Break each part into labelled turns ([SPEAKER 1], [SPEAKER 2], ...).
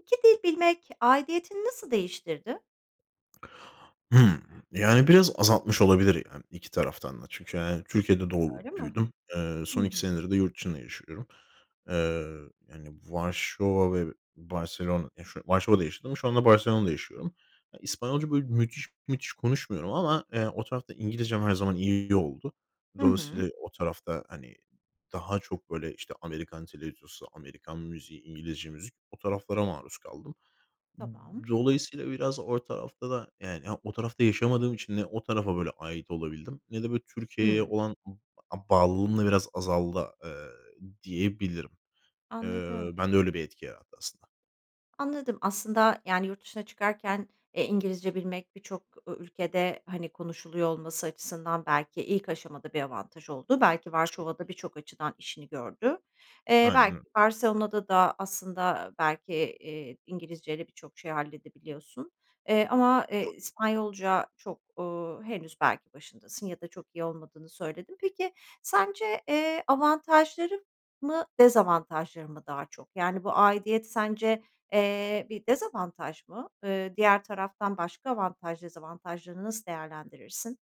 [SPEAKER 1] 2 dil bilmek aidiyetini nasıl değiştirdi?
[SPEAKER 2] Hımm. Yani, biraz azaltmış olabilir, yani, iki taraftan da çünkü, hani, Türkiye'de
[SPEAKER 1] Öyle
[SPEAKER 2] doğup
[SPEAKER 1] mi?
[SPEAKER 2] büyüdüm. Eee,
[SPEAKER 1] Hı
[SPEAKER 2] son
[SPEAKER 1] hı.
[SPEAKER 2] 2 senedir de yurt dışında yaşıyorum. Eee, yani, Varşova ve Barcelona, ya, şu Varşova'da yaşadım, şu anda Barcelona'da yaşıyorum. Eee, İspanyolca, böyle, müthiş müthiş konuşmuyorum ama, eee, o tarafta İngilizcem her zaman iyi oldu.
[SPEAKER 1] Hı hı.
[SPEAKER 2] Dolayısıyla, o tarafta, hani, daha çok, böyle, işte, Amerikan televizyonu Amerikan müziği, İngilizce müzik o taraflara maruz kaldım.
[SPEAKER 1] Tamam.
[SPEAKER 2] Dolayısıyla, biraz o tarafta da, yani, ha, o tarafta yaşamadığım için ne o tarafa, böyle, ait olabildim ne de, böyle, Türkiye'ye
[SPEAKER 1] Hımm.
[SPEAKER 2] olan, ımm, a bağlılığım da biraz azaldı, eee, diyebilirim. Eee,
[SPEAKER 1] Anladım.
[SPEAKER 2] bende öyle bir etki yarattı aslında.
[SPEAKER 1] Anladım, aslında, yani, yurt dışına çıkarken, eee, İngilizce bilmek birçok ü ülkede, hani, konuşuluyor olması açısından belki ilk aşamada bir avantaj oldu. Belki Varşova'da birçok açıdan işini gördü. Eee,
[SPEAKER 2] Aynen
[SPEAKER 1] belki
[SPEAKER 2] öyle.
[SPEAKER 1] Barcelona'da da aslında belki, iii, İngilizceyle birçok şey halledebiliyorsun. Eee, ama, eee,
[SPEAKER 2] Doğru.
[SPEAKER 1] İspanyolca çok, ııı, henüz belki başındasın ya da çok iyi olmadığını söyledin. Peki, sence, eee, avantajları mı dezavantajları mı daha çok? Yani, bu aidiyet sence, eee, bir dezavantaj mı? Eee, diğer taraftan başka avantaj dezavantajlarını nasıl değerlendirirsin?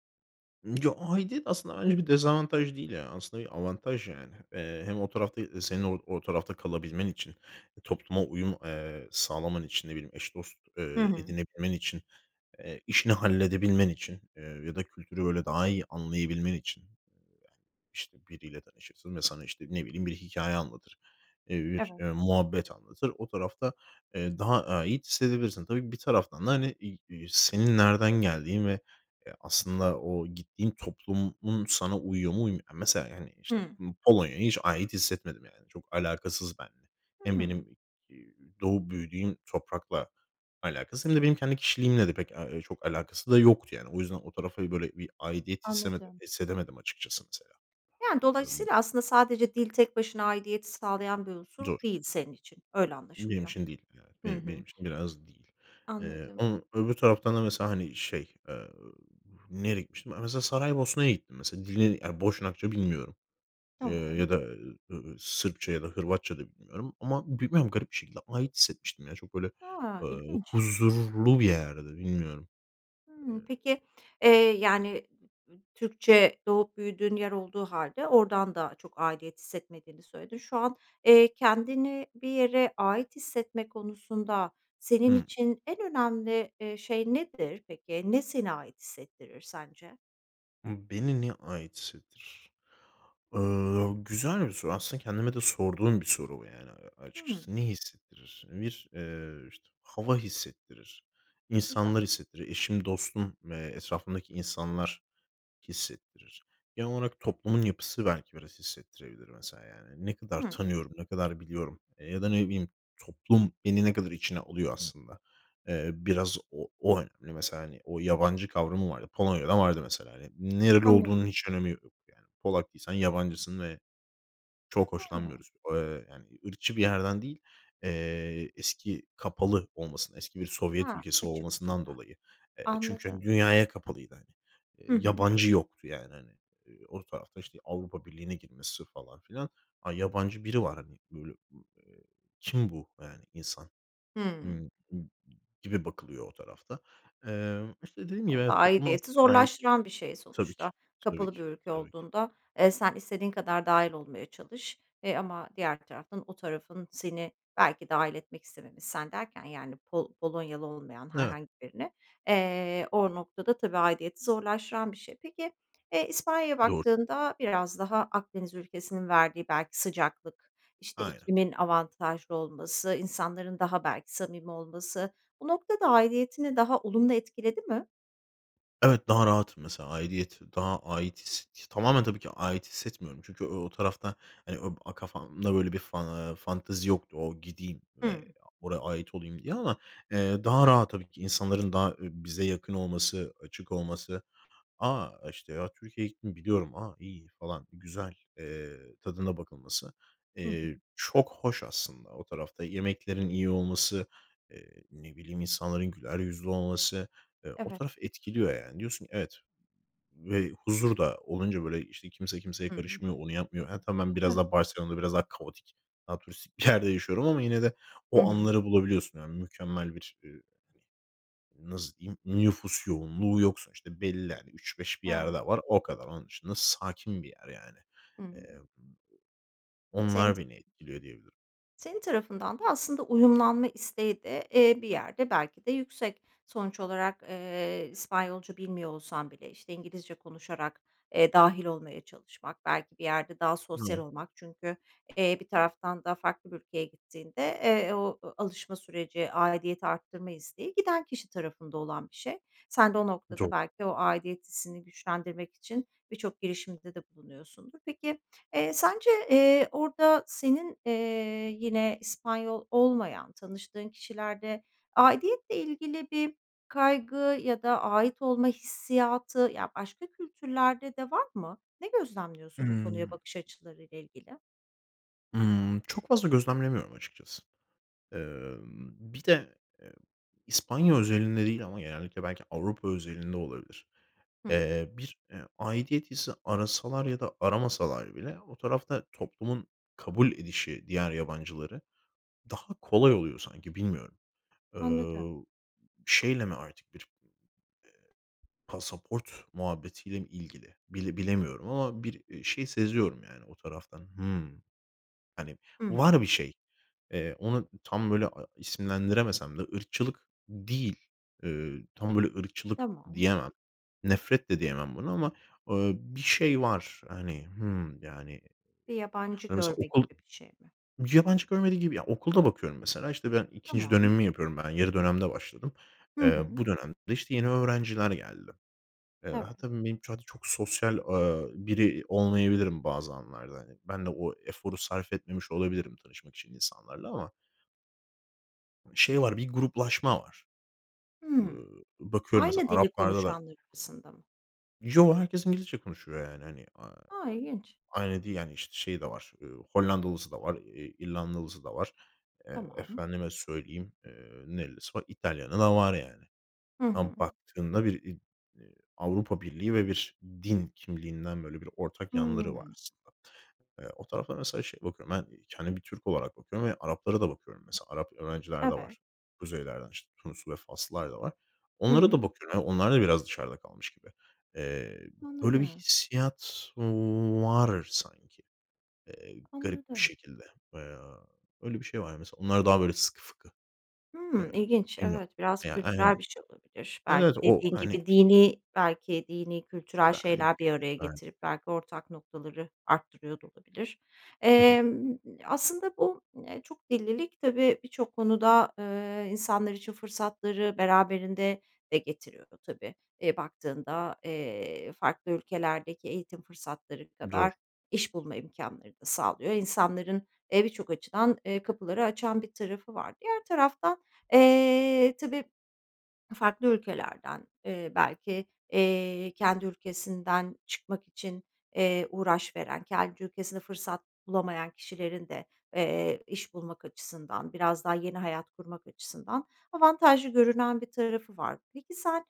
[SPEAKER 2] Ya, aidiyet aslında bence bir dezavantaj değil ya. Aslında bir avantaj yani. Eee, hem o tarafta, eee, senin o o tarafta kalabilmen için, topluma uyum, eee, sağlaman için, ne bileyim, eş dost,
[SPEAKER 1] Hı
[SPEAKER 2] eee,
[SPEAKER 1] hı.
[SPEAKER 2] edinebilmen için, eee, işini halledebilmen için, eee, ya da kültürü, böyle, daha iyi anlayabilmen için. İşte, biriyle tanışırsın ve sana, işte, ne bileyim, bir hikâye anlatır, eee, bir,
[SPEAKER 1] Evet.
[SPEAKER 2] eee, muhabbet anlatır. O tarafta, eee, daha ait hissedebilirsin. Tabii, bir taraftan da, hani, iii, iii, senin nereden geldiğin ve, eee, aslında o gittiğin toplumun sana uyuyor mu, uymuyor mu. Mesela, yani, işte,
[SPEAKER 1] Hı.
[SPEAKER 2] Po Polonya'ya hiç ait hissetmedim, yani. Çok alakasız benimle. Hem
[SPEAKER 1] Hıı.
[SPEAKER 2] benim, ııı, doğup büyüdüğüm toprakla alakası hem de benim kendi kişiliğimle de pek, eee, ııı, çok alakası da yoktu yani. O yüzden o tarafa, böyle, bir aidiyet hissemede
[SPEAKER 1] Anladım.
[SPEAKER 2] hissedemedim açıkçası, mesela,
[SPEAKER 1] Yani,
[SPEAKER 2] emm.
[SPEAKER 1] dolayısıyla, aslında sadece dil tek başına aidiyet sağlayan bir unsur
[SPEAKER 2] Doğru.
[SPEAKER 1] değil senin için. Öyle
[SPEAKER 2] Benim
[SPEAKER 1] anlaşılıyor.
[SPEAKER 2] için değil. [unintelligible]
[SPEAKER 1] Hı
[SPEAKER 2] Benim benim
[SPEAKER 1] hı.
[SPEAKER 2] için biraz değil. Eee,
[SPEAKER 1] Anladım.
[SPEAKER 2] ama öbür taraftan da mesela, hani, şey, eee, nereye gitmiştim? Ha, mesela, Saraybosna'ya gittim, mesela. Dilini, yani, Boşnakça bilmiyorum. Eee, ya
[SPEAKER 1] Tamam.
[SPEAKER 2] da, eee, Sırpça ya da Hırvatça da bilmiyorum ama bilmiyorum, garip bir şekilde ait hissetmiştim ya. Çok, böyle,
[SPEAKER 1] A!
[SPEAKER 2] eee,
[SPEAKER 1] İlginç.
[SPEAKER 2] huzurlu bir yerdi, bilmiyorum, eee
[SPEAKER 1] Hımm, peki, eee, yani, Türkçe doğup büyüdüğün yer olduğu hâlde oradan da çok aidiyet hissetmediğini söyledin. Şu an, eee, kendini bir yere ait hissetme konusunda senin
[SPEAKER 2] Hı.
[SPEAKER 1] için en önemli, eee, şey nedir peki? Ne seni ait hissettirir sence?
[SPEAKER 2] Hı, beni ne ait hissettir? Eee, güzel bir soru. Aslında kendime de sorduğum bir soru bu, yani, a
[SPEAKER 1] Hıı.
[SPEAKER 2] açıkçası. Ne hissettirir? Bir, eee, işte, hava hissettirir,
[SPEAKER 1] Güzel.
[SPEAKER 2] insanlar hissettiriyor. Eşim, dostum ve etrafımdaki insanlar hissettirir. Genel olarak toplumun yapısı belki biraz hissettirebilir mesela, yani. Ne kadar
[SPEAKER 1] Hıı.
[SPEAKER 2] tanıyorum, ne kadar biliyorum, eee, ya da ne bileyim, toplum beni ne kadar içine alıyor aslında. Eee, biraz o o önemli. Mesela, hani, o yabancı kavramı var. Polonya'da vardı mesela, hani. Nereli
[SPEAKER 1] Anladım.
[SPEAKER 2] olduğunun hiç önemi yok, yani. Polak değilsen yabancısın ve çok
[SPEAKER 1] Hıı.
[SPEAKER 2] hoşlanmıyoruz. Eee, yani, ırkçı bir yerden değil, eee, eski, kapalı olmasından, eski bir Sovyet
[SPEAKER 1] Ha,
[SPEAKER 2] ülkesi
[SPEAKER 1] açık
[SPEAKER 2] olmasından
[SPEAKER 1] değiller.
[SPEAKER 2] dolayı. Eee, çünkü, hani,
[SPEAKER 1] Anladım.
[SPEAKER 2] dünyaya kapalıydı, hani. Eee,
[SPEAKER 1] Hı hı.
[SPEAKER 2] yabancı yoktu, yani, hani, eee, o tarafta, işte, Avrupa Birliği'ne girmesi falan filan. Ha, yabancı biri var, hani, böyle, eee, kim bu, eee, yani, insan,
[SPEAKER 1] Hıı.
[SPEAKER 2] gibi bakılıyor o tarafta. Eee, işte, dediğim gibi,
[SPEAKER 1] O da
[SPEAKER 2] evet, topluma as
[SPEAKER 1] aidiyeti
[SPEAKER 2] ait
[SPEAKER 1] zorlaştıran bir şey
[SPEAKER 2] Tabii ki,
[SPEAKER 1] sonuçta.
[SPEAKER 2] tabii
[SPEAKER 1] Kapalı
[SPEAKER 2] ki,
[SPEAKER 1] bir ülke
[SPEAKER 2] tabii ki.
[SPEAKER 1] olduğunda, eee, sen istediğin kadar dâhil olmaya çalış, eee, ama diğer taraftan o tarafın seni belki dâhil etmek istememiş. Sen derken, yani, Pol Polonyalı olmayan
[SPEAKER 2] Evet.
[SPEAKER 1] herhangi birine, eee, o noktada tabii aidiyeti zorlaştıran bir şey. Peki, eee, İspanya'ya
[SPEAKER 2] Doğru.
[SPEAKER 1] baktığında biraz daha Akdeniz ülkesinin verdiği belki sıcaklık, işte,
[SPEAKER 2] Aynen.
[SPEAKER 1] ikliminin avantajlı olması, insanların daha belki samimi olması, bu noktada aidiyetini daha olumlu etkiledi mi?
[SPEAKER 2] Evet, daha rahatım mesela. Aidiyet daha ait his t tamamen tabii ki ait hissetmiyorum. Çünkü o o tarafta e ö e, hani, o kafamda böyle bir fan eee, fantezi yoktu. O gideyim ve
[SPEAKER 1] Hımm.
[SPEAKER 2] oraya ait olayım diye ama. Eee, daha rahat tabii ki insanların daha, eee, bize yakın olması, açık olması. A, işte, ya, Türkiye'ye gittim biliyorum. A, iyiydi falan, güzel. Eee, tadına bakılması,
[SPEAKER 1] Hı hı.
[SPEAKER 2] eee, çok hoş aslında. O tarafta yemeklerin iyi olması, eee, ne bileyim insanların güler yüzlü olması, eee, o
[SPEAKER 1] Evet.
[SPEAKER 2] taraf etkiliyor yani. Diyorsun ki evet, ımm, ve huzur da olunca böyle işte kimse kimseye
[SPEAKER 1] Hımm.
[SPEAKER 2] karışmıyor, onu yapmıyor. Ha, tam ben biraz
[SPEAKER 1] Tabii.
[SPEAKER 2] daha Barcelona'da biraz daha kaotik, daha turistik bir yerde yaşıyorum ama yine de
[SPEAKER 1] Hı
[SPEAKER 2] o
[SPEAKER 1] hı.
[SPEAKER 2] anları bulabiliyorsun. Yani, mükemmel bir, eee, hani, nasıl diyeyim, nüfus yoğunluğu yok sonuçta. Belli yani, 3-5 bir
[SPEAKER 1] Evet.
[SPEAKER 2] yerde var o kadar. Onun dışında sakin bir yer yani. Eee,
[SPEAKER 1] Hımm. Senin t
[SPEAKER 2] onlar beni etkiliyor diyebilirim.
[SPEAKER 1] senin, tarafından da aslında uyumlanma isteği de, eee, bir yerde belki de yüksek. Sonuç olarak, eee, İspanyolca bilmiyor olsan bile, işte, İngilizce konuşarak, eee, dâhil olmaya çalışmak belki bir yerde daha sosyal
[SPEAKER 2] Hıı.
[SPEAKER 1] olmak. Çünkü, eee, bir taraftan da farklı bir ülkeye gittiğinde, eee, o, alışma süreci, aidiyeti arttırma isteği giden kişi tarafında olan bir şey. Sen de o noktada
[SPEAKER 2] [unintelligible]
[SPEAKER 1] belki o aidiyet hissini güçlendirmek için birçok girişimde de bulunuyorsundur. Peki, eee, sence, eee, orada senin, eee, yine İspanyol olmayan tanıştığın kişilerde aidiyetle ilgili bir kaygı ya da ait olma hissiyatı, ya, başka kültürlerde de var mı? Ne gözlemliyorsun bu konuya
[SPEAKER 2] Hımm.
[SPEAKER 1] bakış açılarıyla ilgili?
[SPEAKER 2] Imm, çok fazla gözlemlemiyorum açıkçası. Emm, bir de, eee, İspanya özelinde değil ama genellikle belki Avrupa özelinde olabilir.
[SPEAKER 1] Hıı.
[SPEAKER 2] Eee, bir, eee, aidiyet hissi arasalar ya da aramasalar bile o tarafta toplumun kabul edişi diğer yabancıları, daha kolay oluyor sanki bilmiyorum.
[SPEAKER 1] Anladım.
[SPEAKER 2] Eee, şeyle mi artık bir, eee, pasaport muhabbetiyle mi ilgili bile bilemiyorum ama bir, eee, şey seziyorum. Yani o taraftan. Hımm, hani,
[SPEAKER 1] Hı hı.
[SPEAKER 2] var bir şey. Eee ona, ımm, tam böyle a isimlendiremesem de ırkçılık değil. Iıı, tam böyle ırkçılık
[SPEAKER 1] Tamam.
[SPEAKER 2] diyemem. Nefret de diyemem buna. Ama, ııı, bir şey var hani, hımm, yani.
[SPEAKER 1] Bir yabancı
[SPEAKER 2] Hani, mesela
[SPEAKER 1] görme
[SPEAKER 2] okul
[SPEAKER 1] gibi bir şey mi?
[SPEAKER 2] Yabancı görmediği gibi ya okulda bakıyorum mesela, işte, ben 2'nci
[SPEAKER 1] Tamam.
[SPEAKER 2] dönemimi yapıyorum ben, yarı dönemde başladım.
[SPEAKER 1] Hı
[SPEAKER 2] Eee,
[SPEAKER 1] hı.
[SPEAKER 2] bu dönemde de işte yeni öğrenciler geldi. Eee,
[SPEAKER 1] Evet.
[SPEAKER 2] hatta benim için [unintelligible] çok sosyal, ııı, biri olmayabilirim bazı anlarda. Hani, ben de o eforu sarf etmemiş olabilirim tanışmak için insanlarla ama şey var bir gruplaşma var.
[SPEAKER 1] Hıı.
[SPEAKER 2] Iıı, bakıyorum mesela
[SPEAKER 1] Aynı dili
[SPEAKER 2] Araplarda da
[SPEAKER 1] konuşanlar arasında mı?
[SPEAKER 2] Yoo, herkes İngilizce konuşuyor, yani, hani, aaa,
[SPEAKER 1] A! İlginç.
[SPEAKER 2] aynı değil, yani, işte, şey de var. Eee, Hollandalısı da var, eee, İrlandalısı da var. Eee,
[SPEAKER 1] Tamam.
[SPEAKER 2] efendime söyleyeyim, eee, nerelisi var? İtalyanı da var yani.
[SPEAKER 1] Hı
[SPEAKER 2] Ama
[SPEAKER 1] hı.
[SPEAKER 2] baktığında bir iii, eee, Avrupa Birliği ve bir din kimliğinden, böyle, bir ortak yanları var
[SPEAKER 1] Hıı.
[SPEAKER 2] aslında. Eee, o tarafa mesela şeye bakıyorum. Ben kendimi bir Türk olarak bakıyorum ve Araplara da bakıyorum mesela. Arap öğrenciler de
[SPEAKER 1] Evet.
[SPEAKER 2] var, kuzeylerden, işte, Tunuslu ve Faslılar da var.
[SPEAKER 1] Hı
[SPEAKER 2] Onlara da
[SPEAKER 1] hı.
[SPEAKER 2] bakıyorum. Yani, onlar da biraz dışarıda kalmış gibi. Eee, böyle bir
[SPEAKER 1] Anladım.
[SPEAKER 2] hissiyat var sanki, eee, garip bir
[SPEAKER 1] Anladım.
[SPEAKER 2] şekilde. Eee, öyle bir şey var mesela. Onlar daha, böyle, sıkı fıkı. Eee,
[SPEAKER 1] Hımm, ilginç.
[SPEAKER 2] bilmiyorum.
[SPEAKER 1] Evet, biraz
[SPEAKER 2] Eee, ya,
[SPEAKER 1] kültürel
[SPEAKER 2] aynen.
[SPEAKER 1] bir şey olabilir. Belki
[SPEAKER 2] Evet, o
[SPEAKER 1] dediğin
[SPEAKER 2] hani
[SPEAKER 1] gibi dinî belki dinî, kültürel
[SPEAKER 2] Belki
[SPEAKER 1] şeyler
[SPEAKER 2] de,
[SPEAKER 1] bir araya
[SPEAKER 2] belki
[SPEAKER 1] getirip
[SPEAKER 2] de.
[SPEAKER 1] belki ortak noktaları arttırıyor da olabilir.
[SPEAKER 2] Hı hı.
[SPEAKER 1] Emm, aslında bu, eee, çok dillilik tabii birçok konuda, eee, insanlar için fırsatları beraberinde de getiriyor tabii. E, baktığında, eee, farklı ülkelerdeki eğitim fırsatları
[SPEAKER 2] Doğru.
[SPEAKER 1] kadar iş bulma imkânları da sağlıyor. İnsanların, eee, birçok açıdan, eee, kapıları açan bir tarafı var. Diğer taraftan, eee, tabii farklı ülkelerden, eee, belki, eee, kendi ülkesinden çıkmak için, eee, uğraş veren, kendi ülkesinde fırsat bulamayan kişilerin de, eee, iş bulmak açısından, biraz daha yeni hayat kurmak açısından avantajlı görünen bir tarafı var. Peki sen,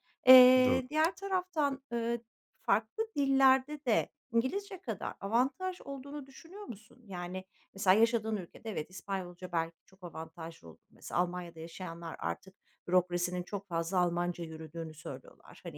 [SPEAKER 2] Doğru.
[SPEAKER 1] eee, diğer taraftan, eee, farklı dillerde de İngilizce kadar avantaj olduğunu düşünüyor musun? Yani, mesela yaşadığın ülkede evet İspanyolca belki çok avantajlı olur. Mesela Almanya'da yaşayanlar artık bürokrasinin çok fazla Almanca yürüdüğünü söylüyorlar. Hani,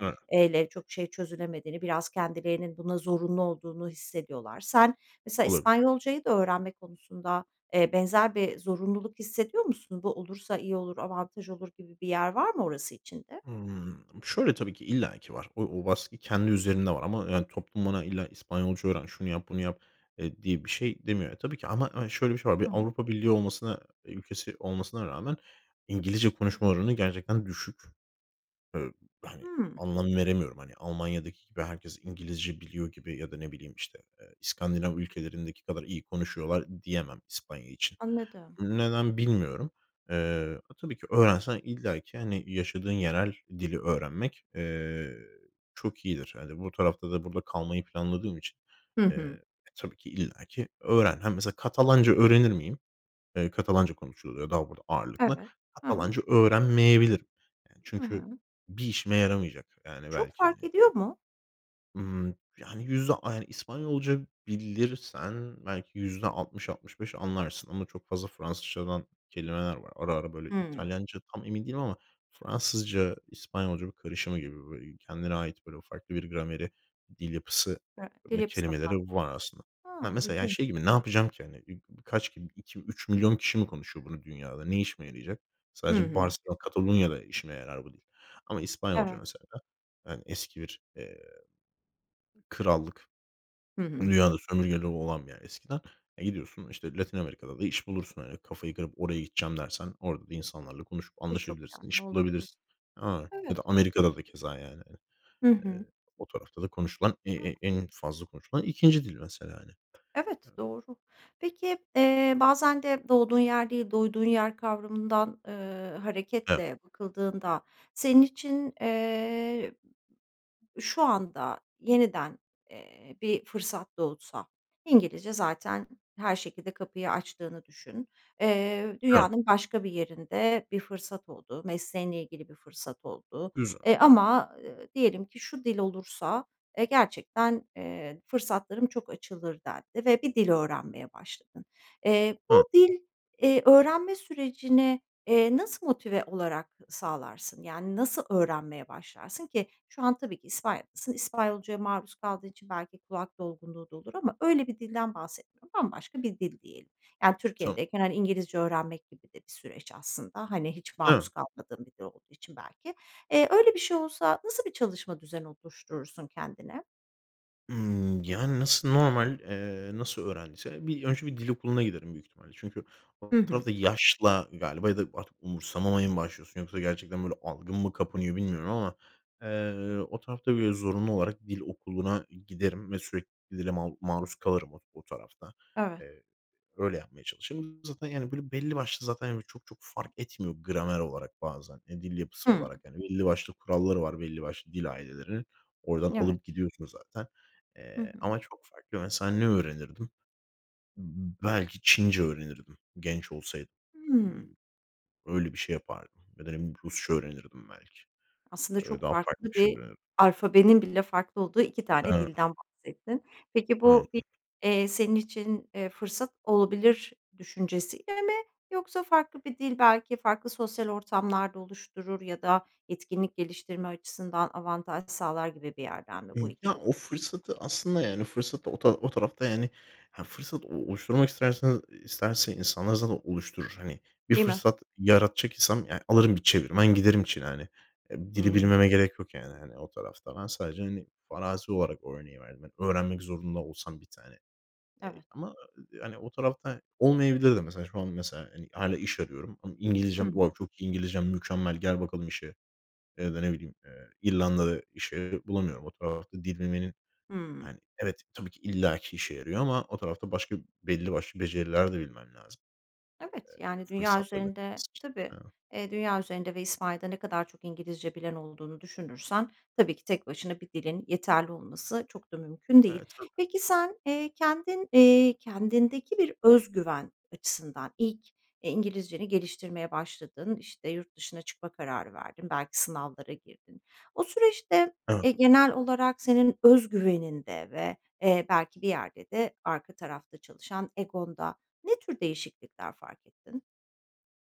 [SPEAKER 2] Evet.
[SPEAKER 1] çok şey çözülemediğini, biraz kendilerinin buna zorunlu olduğunu hissediyorlar. Sen mesela
[SPEAKER 2] Olabilir.
[SPEAKER 1] İspanyolcayı da öğrenme konusunda, eee, benzer bir zorunluluk hissediyor musun? Bu olursa iyi olur, avantaj olur gibi bir yer var mı orası için de?
[SPEAKER 2] Hımm, şöyle, tabii ki illaki var. O o baskı kendi üzerinde var ama, yani, toplum bana, "İlla İspanyolca öğren, şunu yap, bunu yap" eee, diye bir şey demiyor. Ya, tabii ki ama, hani, şöyle bir şey var. Bir
[SPEAKER 1] Hı hı.
[SPEAKER 2] Avrupa Birliği olmasına ülkesi olmasına rağmen İngilizce konuşma oranı gerçekten düşük. Eee, hani,
[SPEAKER 1] Hımm.
[SPEAKER 2] anlam veremiyorum. Hani, Almanya'daki gibi herkes İngilizce biliyor gibi ya da ne bileyim, işte, eee, İskandinav ülkelerindeki kadar iyi konuşuyorlar diyemem İspanya için.
[SPEAKER 1] Anladım.
[SPEAKER 2] Neden bilmiyorum. Eee, a, tabii ki öğrensen illaki, hani, yaşadığın yerel dili öğrenmek, eee, çok iyidir. Yani, bu tarafta da burada kalmayı planladığım için,
[SPEAKER 1] Hı
[SPEAKER 2] eee,
[SPEAKER 1] hı.
[SPEAKER 2] e, tabii ki illaki öğren. Ha, mesela Katalanca öğrenir miyim? Eee, Katalanca konuşuluyor daha burada ağırlıklı.
[SPEAKER 1] Evet, hı hı.
[SPEAKER 2] Katalanca öğrenmeyebilirim. Yani,
[SPEAKER 1] I
[SPEAKER 2] çünkü
[SPEAKER 1] hı.
[SPEAKER 2] bir işime yaramayacak. Yani,
[SPEAKER 1] Çok
[SPEAKER 2] belki hani
[SPEAKER 1] fark ediyor
[SPEAKER 2] öb
[SPEAKER 1] mu?
[SPEAKER 2] Imm, yani, yüzde ay İspanyolca bilirsen belki %60-65 anlarsın ama çok fazla Fransızcadan kelimeler var. Ara ara böyle
[SPEAKER 1] Hıı.
[SPEAKER 2] İtalyanca tam emin değilim ama Fransızca, İspanyolca karışımı gibi, böyle, kendine ait, böyle, farklı bir grameri, dil yapısı
[SPEAKER 1] [unintelligible] Dil
[SPEAKER 2] ve
[SPEAKER 1] yapısı da
[SPEAKER 2] kelimeleri
[SPEAKER 1] farklı.
[SPEAKER 2] var aslında. Ya,
[SPEAKER 1] A!
[SPEAKER 2] mesela, yani, şey
[SPEAKER 1] İlginç.
[SPEAKER 2] gibi ne yapacağım ki, hani? Ü kaç ki 2-3.000.000 kişi mi konuşuyor bunu dünyada? Ne işime yarayacak?
[SPEAKER 1] Hı
[SPEAKER 2] Sadece
[SPEAKER 1] hı.
[SPEAKER 2] Barselona, Katalonya'da işime yarar bu dil. Ama İspanyolca
[SPEAKER 1] Evet.
[SPEAKER 2] mesela, yani, eski bir, eee krallık.
[SPEAKER 1] Hı
[SPEAKER 2] Tüm
[SPEAKER 1] hı.
[SPEAKER 2] dünyada sömürgeleri olan bir yer eskiden. E, gidiyorsun, işte, Latin Amerika'da da iş bulursun, hani, kafayı kırıp oraya gideceğim dersen orada da insanlarla konuşup
[SPEAKER 1] Birçok
[SPEAKER 2] anlaşabilirsin,
[SPEAKER 1] yardımı
[SPEAKER 2] iş
[SPEAKER 1] olabilir.
[SPEAKER 2] bulabilirsin. [unintelligible] Ya da
[SPEAKER 1] Evet.
[SPEAKER 2] Amerika'da da keza yani.
[SPEAKER 1] Hı hı.
[SPEAKER 2] Eee, o tarafta da konuşulan e e
[SPEAKER 1] [unintelligible]
[SPEAKER 2] en fazla konuşulan 2. dil mesela, hani.
[SPEAKER 1] Evet,
[SPEAKER 2] Emm
[SPEAKER 1] doğru. Peki, eee, bazen de doğduğun yer değil, doyduğun yer kavramından, eee,
[SPEAKER 2] Evet.
[SPEAKER 1] hareketle bakıldığında senin için, eee, şu anda yeniden, eee, bir fırsat doğsa, İngilizce zaten her şekilde kapıyı açtığını düşün, eee,
[SPEAKER 2] Evet.
[SPEAKER 1] dünyanın başka bir yerinde bir fırsat oldu. Mesleğinle ilgili bir fırsat oldu.
[SPEAKER 2] Güzel.
[SPEAKER 1] Eee, ama, eee, diyelim ki "Şu dil olursa eee, gerçekten, eee, fırsatlarım çok açılır." dendi ve bir dil öğrenmeye başladın. Eee,
[SPEAKER 2] Hıı.
[SPEAKER 1] bu dil, eee, öğrenme sürecini, eee, nasıl motive olarak sağlarsın? Yani, nasıl öğrenmeye başlarsın? Ki şu an tabii ki İspanya'dasın. İspanyolcaya maruz kaldığın için belki kulak dolgunluğu da olur ama öyle bir dilden bahsetmiyorum. Bambaşka bir dil diyelim. Yani,
[SPEAKER 2] Tamam.
[SPEAKER 1] Türkiye'deyken, hani, İngilizce öğrenmek gibi de bir süreç aslında. Hani, hiç maruz
[SPEAKER 2] Evet.
[SPEAKER 1] kalmadığın bir dil olduğu için belki. Eee, öyle bir şey olsa nasıl bir çalışma düzeni oluşturursun kendine?
[SPEAKER 2] Imm, yani, nasıl normal, eee, nasıl öğrendiyse bir önce bir dil okuluna giderim büyük ihtimalle. Çünkü
[SPEAKER 1] Hı
[SPEAKER 2] o
[SPEAKER 1] hı.
[SPEAKER 2] tarafta yaşla galiba ya da artık umursamamaya mı başlıyorsun yoksa gerçekten, böyle, algın mı kapanıyor bilmiyorum ama, eee, o tarafta, böyle, zorunlu olarak dil okuluna giderim ve sürekli dile mal maruz kalırım o o tarafta.
[SPEAKER 1] Evet.
[SPEAKER 2] Eee, öyle yapmaya çalışırım. Zaten, yani, böyle, belli başlı zaten yani çok çok fark etmiyor gramer olarak bazen, eee, dil yapısı
[SPEAKER 1] Hımm.
[SPEAKER 2] olarak. Hani, belli başlı kuralları var belli başlı dil ailelerinin, oradan
[SPEAKER 1] N evet.
[SPEAKER 2] alıp gidiyorsun zaten.
[SPEAKER 1] Hı
[SPEAKER 2] Eee,
[SPEAKER 1] hı.
[SPEAKER 2] ama çok farklı mesela ne öğrenirdim? B belki Çince öğrenirdim genç olsaydım.
[SPEAKER 1] Hımm.
[SPEAKER 2] Hımm. Öyle bir şey yapardım ya da ne biliyim, Rusça öğrenirdim belki.
[SPEAKER 1] Aslında
[SPEAKER 2] Öyle
[SPEAKER 1] çok
[SPEAKER 2] daha farklı
[SPEAKER 1] farklı
[SPEAKER 2] bir şey
[SPEAKER 1] bir
[SPEAKER 2] öğrenirdim.
[SPEAKER 1] alfabenin bile farklı olduğu 2 tane
[SPEAKER 2] Ha.
[SPEAKER 1] dilden bahsettin. Peki bu bir,
[SPEAKER 2] Aynen.
[SPEAKER 1] eee, senin için, eee, fırsat olabilir düşüncesiyle mi yoksa farklı bir dil belki farklı sosyal ortamlar da oluşturur ya da etkinlik geliştirme açısından avantaj sağlar gibi bir yerden mi bu
[SPEAKER 2] Hımm,
[SPEAKER 1] 2
[SPEAKER 2] ya,
[SPEAKER 1] dil
[SPEAKER 2] o
[SPEAKER 1] dür
[SPEAKER 2] fırsatı aslında yani fırsatı o ta o tarafta, yani, ha, fırsat o oluşturmak istersen, eee, isterse insanlar zaten oluşturur. Hani, bir
[SPEAKER 1] Değil mi?
[SPEAKER 2] fırsat yaratacak insan, yani Alırım bir çevirmen giderim Çin'e, hani, emm,
[SPEAKER 1] Hı
[SPEAKER 2] dili
[SPEAKER 1] hı.
[SPEAKER 2] bilmeme gerek yok, yani, hani, o tarafta. Ben sadece, hani, farazi olarak o örneği verdim. Hani, öğrenmek zorunda olsam 1 tane, eee,
[SPEAKER 1] Evet.
[SPEAKER 2] ama ı d hani, o tarafta olmayabilir de mesela şu an mesela, hani, hâlâ iş arıyorum ama
[SPEAKER 1] Hı hı.
[SPEAKER 2] İngilizcem var, "Çok iyi. İngilizcen mükemmel. Gel bakalım işe." ya da ne bileyim, eee, İrlanda'da işe bulamıyorum. O tarafta dil bilmenin,
[SPEAKER 1] Hımm.
[SPEAKER 2] hani Evet, tabi ki illaki işe yarıyor ama o tarafta başka belli başlı beceriler de bilmen lazım.
[SPEAKER 1] Evet,
[SPEAKER 2] Eee,
[SPEAKER 1] yani, dünya
[SPEAKER 2] fırsatlarını
[SPEAKER 1] üzerinde Tabii.
[SPEAKER 2] [unintelligible]
[SPEAKER 1] Eee, dünya üzerinde ve İspanya'da ne kadar çok İngilizce bilen olduğunu düşünürsen tabii ki tek başına bir dilin yeterli olması çok da mümkün değil.
[SPEAKER 2] Eee, tabii.
[SPEAKER 1] Peki sen, eee, kendin, eee, kendindeki bir öz güven açısından ilk, eee, İngilizceni geliştirmeye başladın, işte, yurt dışına çıkma kararı verdin, belki sınavlara girdin. O süreçte,
[SPEAKER 2] [unintelligible]
[SPEAKER 1] eee, genel olarak senin öz güveninde ve, eee, belki bir yerde de arka tarafta çalışan egonda ne tür değişiklikler fark ettin?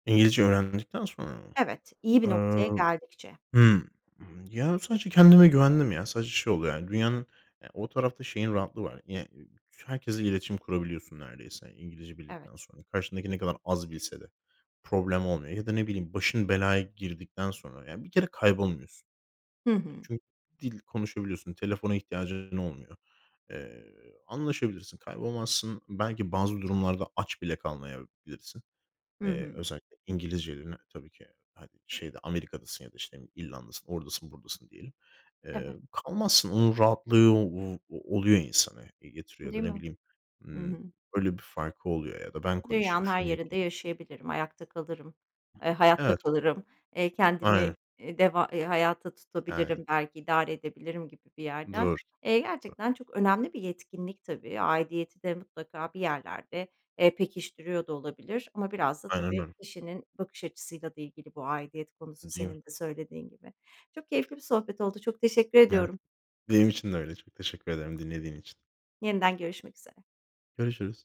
[SPEAKER 2] İngilizce öğrendikten sonra mı?
[SPEAKER 1] Evet, iyi bir
[SPEAKER 2] Iıı,
[SPEAKER 1] noktaya geldikçe.
[SPEAKER 2] hımm, ııı, yani, sadece kendime güvendim ya. Sadece şey oluyor yani dünyanın, eee, o tarafta şeyin rahatlığı var. [unintelligible] Herkesle iletişim kurabiliyorsun neredeyse İngilizce
[SPEAKER 1] Evet.
[SPEAKER 2] bildikten sonra. Karşındaki ne kadar az bilse de problem olmuyor. Ya da ne bileyim, başın belaya girdikten sonra, ya bir kere kaybolmuyorsun.
[SPEAKER 1] Hı
[SPEAKER 2] Yani,
[SPEAKER 1] hı.
[SPEAKER 2] çün dil konuşabiliyorsun, telefona ihtiyacın olmuyor. Eee, anlaşabilirsin, kaybolmazsın. Belki bazı durumlarda aç bile kalmayabilirsin.
[SPEAKER 1] Hı
[SPEAKER 2] Eee,
[SPEAKER 1] hı.
[SPEAKER 2] özellikle İngilizcelerini tabii ki, he şeyde Amerika'dasın ya da işte İrlanda'dasın oradasın buradasın diyelim. Eee,
[SPEAKER 1] Evet.
[SPEAKER 2] kalmazsın, onun rahatlığı, ooo, o oluyor insanı getiriyor
[SPEAKER 1] Değil
[SPEAKER 2] ya da ne
[SPEAKER 1] mi?
[SPEAKER 2] bileyim,
[SPEAKER 1] Hı
[SPEAKER 2] hımm.
[SPEAKER 1] hı.
[SPEAKER 2] Öyle bir farkı oluyor ya da ben konuşayım,
[SPEAKER 1] Dünyanın her
[SPEAKER 2] şunu
[SPEAKER 1] yerinde
[SPEAKER 2] yapayım.
[SPEAKER 1] yaşayabilirim, ayakta kalırım, ııı, hayatta
[SPEAKER 2] Evet.
[SPEAKER 1] kalırım, ııı, kendimi,
[SPEAKER 2] Aynen.
[SPEAKER 1] eee, deva eee, hayata
[SPEAKER 2] Aynen.
[SPEAKER 1] tutabilirim belki idare edebilirim gibi bir yerden.
[SPEAKER 2] Doğru.
[SPEAKER 1] Eee, gerçekten çok önemli bir yetkinlik tabii, aidiyeti de mutlaka bir yerlerde, eee, pekiştiriyor da olabilir ama biraz da
[SPEAKER 2] Aynen
[SPEAKER 1] tabii,
[SPEAKER 2] öyle.
[SPEAKER 1] kişinin bakış açısıyla da ilgili bu aidiyet konusu
[SPEAKER 2] Değil
[SPEAKER 1] senin
[SPEAKER 2] mi?
[SPEAKER 1] de söylediğin gibi. Çok keyifli bir sohbet oldu, çok teşekkür
[SPEAKER 2] Evet,
[SPEAKER 1] ediyorum.
[SPEAKER 2] benim için de öyle, çok teşekkür ederim dinlediğin için.
[SPEAKER 1] Yeniden görüşmek üzere.
[SPEAKER 2] Görüşürüz.